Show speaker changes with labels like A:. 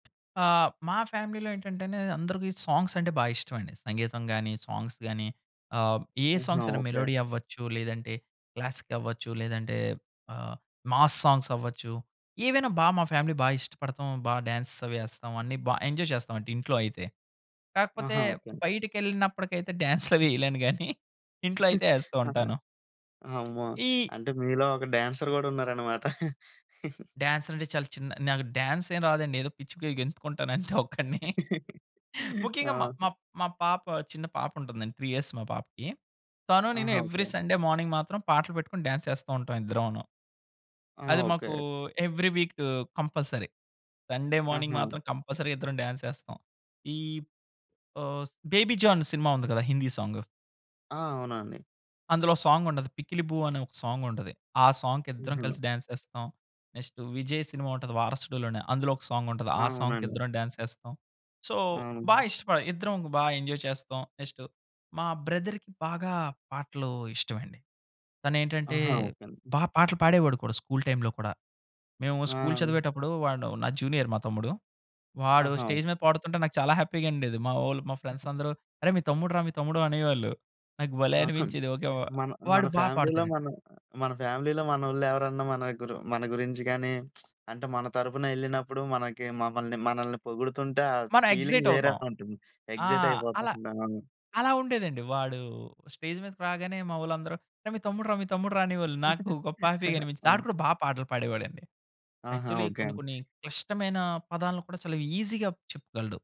A: ఆహ్, మా ఫ్యామిలీ‌లో ఏంటంటే అండి అందరికి సాంగ్స్ అంటే బాగా ఇష్టమండి సంగీతం గాని, సాంగ్స్ గాని ఆహ్, ఏ
B: ఆహా!
A: సాంగ్స్ అయినా
B: ఓకె.
A: మెలోడీ అవ్వచ్చు, లేదంటే క్లాసిక్ అవ్వచ్చు లేదంటే ఆహ్, మాస్ సాంగ్స్ అవ్వచ్చు. ఏవైనా బా మా ఫ్యామిలీ బా ఇష్టపడతాం, బా డాన్స్ అవి ఏస్తాం అన్నీ బా ఎంజాయ్ చేస్తాం అండి ఇంట్లో అయితే. కాకపోతే
B: ఆహా! ఓకె.
A: బయటికెళ్ళినప్పటికైతే డాన్స్‌లవి వేయలేను గానీ ఇంట్లో అయితే ఎస్తూ ఉంటాను.
B: అమ్మో!
A: ఈ
B: అంటే మీలో ఒక డాన్సర్ కూడా ఉన్నారనమాట.
A: డాన్స్ అంటే చాలా చిన్న నాకు డాన్స్ ఏం రాదండి. ఏదో పిచ్చిగా గెంతుకుంటానంతే ఒక్కడిని. ముఖ్యంగా మా
B: ఆ!
A: మా మా పాప, చిన్న పాప ఉంటుందండి. 3 ఇయర్స్ మా పాపకి. తను నేను
B: ఆహా!
A: Every
B: okay.
A: సండే మార్నింగ్ మాత్రం పాటలు పెట్టుకొని, డాన్స్ ఎస్తా ఉంటాం ఇద్దరమును.
B: ఆ!
A: అది మాకు
B: okay.
A: Every week compulsory. Sunday morning
B: ఆహా!
A: మాత్రం కంపల్సరీ ఇద్దరం డాన్స్ ఎస్తాం. ఈ ఆహ్, 'బేబీ జాన్' సినిమా ఉంది కదా హిందీ సాంగు.
B: ఆ! అవునండి.
A: అందులో సాంగుంటది 'పిక్కిలిబూ' అనే ఒక సాంగ్ ఉంటది. ఆ సాంగ్‌కి ఇద్దరం
B: హుహు.
A: కలిసి డాన్స్ ఎస్తాం. నెక్స్ట్ విజయ్ సినిమా ఉంటది వారసుడులోనే అందులో ఒక సాంగ్ ఉంటది. ఆ సాంగ్‌కి
B: అవునండి.
A: ఇద్దరం డాన్స్ ఎస్తాం. సో బా
B: అవును.
A: ఇష్టపడ ఇద్దరం బాగా ఎంజాయ్ చేస్తాం నెక్స్ట్ మా బ్రదర్‌కి బాగా పాటలు ఇష్టమండి. తనేంటంటే
B: ఆహా! ఓకె అండి.
A: బాగా పాటలు పాడేవాడు కూడా స్కూల్ టైమ్‌లో కూడా. మేము స్కూల్
B: ఆ!
A: చదివేటప్పుడు వాడు నా జూనియర్ మా తమ్ముడు. వాడు
B: ఆహా!
A: స్టేజ్ మీద పాడుతుంటే, నాకు చాలా హ్యాపీ‌గా ఉండేది మా ఓళ్ళు, మా ఫ్రెండ్స్ అందరూ "అరే! మీ తమ్ముడు రా మీ తమ్ముడు" అనేవాళ్ళు. నాకు భలే
B: ఆ! హ్మ్.
A: అనిపించేది ఓకె వ
B: మన
A: వాడు
B: మన
A: బాగ
B: ఫ్యామిలీలో
A: పాడుతాడండి.
B: మన మన ఫ్యామిలీలో మనోళ్ళెవరన్న మన గురు మన గురించి గాని, అంటే మన తరపున ఎళ్ళినప్పుడు మనకి మమ్మల్ని మనల్ని పొగుడుతుంటే, ఆ
A: మనం
B: ఫీలింగ్
A: ఎక్సైట్
B: వేరే
A: అవుతాం.
B: ఉంటుంది.
A: ఆ!
B: ఎక్సైట్
A: అల
B: అయిపోతుంటాం.
A: అలా ఉండేదండి. వాడు స్టేజ్ మీదకు రాగానే మావోళ్ళందరూ "అరే మీ తమ్ముడు రా, మీ తమ్ముడు రా!" అనేవాళ్ళు నాకు గొప్ప హ్యాపీగనిపించింది.
B: ఆ!
A: వాడు కూడా బాగా పాటలు పాడేవాడండి.
B: ఆహా!
A: Actually
B: okay.
A: కొన్ని కొన్ని క్లిష్టమైన పదాలను కూడా చాలా ఈసీ‌గా చెప్పగలడు.